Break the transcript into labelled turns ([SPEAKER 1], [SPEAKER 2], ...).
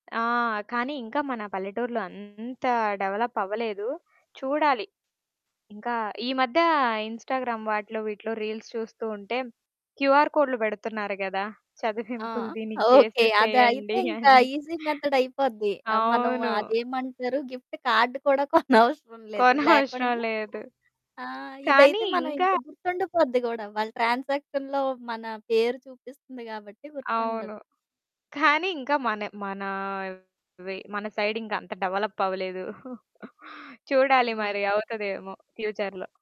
[SPEAKER 1] ఆ! కానీ, ఇంకా మన పల్లెటూరులో అంత డెవలప్ అవ్వలేదు. చూడాలి, ఇంకా ఈ మధ్య ఇన్‌స్టాగ్రామ్ వాటిలో, వీటిలో రీల్స్ చూస్తుంటే, క్యూఆర్‌ కోడ్‌లు పెడుతున్నారు కదా!
[SPEAKER 2] ఆ!
[SPEAKER 1] చదివింపులు దీనికి
[SPEAKER 2] ఓకే. అది అయితే
[SPEAKER 1] చేసేసేయండి
[SPEAKER 2] ఇంకా
[SPEAKER 1] అని.
[SPEAKER 2] ఈజి మెథడ్ అయిపోద్ది. ఆహ్, మనం
[SPEAKER 1] అవును.
[SPEAKER 2] అదేమంటారు? గిఫ్ట్ కార్డ్ కూడా కొనవసరం లేదు.
[SPEAKER 1] కొనవసరం
[SPEAKER 2] లేకుండా
[SPEAKER 1] లేదు.
[SPEAKER 2] ఆ!
[SPEAKER 1] కానీ,
[SPEAKER 2] ఇదైతే మనం
[SPEAKER 1] ఇంకా
[SPEAKER 2] ఇంక గుర్తుండిపోద్ది గూడా వాళ్ళ ట్రాన్సాక్షన్‌లో మన పేరు చూపిస్తుంది గాబట్టి గుర్తుండదు.
[SPEAKER 1] అవును. కానీ, ఇంకా మన మనా, వే మన సైడ్ ఇంకా అంత డెవలప్ అవ్వలేదు. చూడాలి
[SPEAKER 2] హ్మ్.
[SPEAKER 1] మరి అవుతదేమో! ఫ్యూచర్‌లో.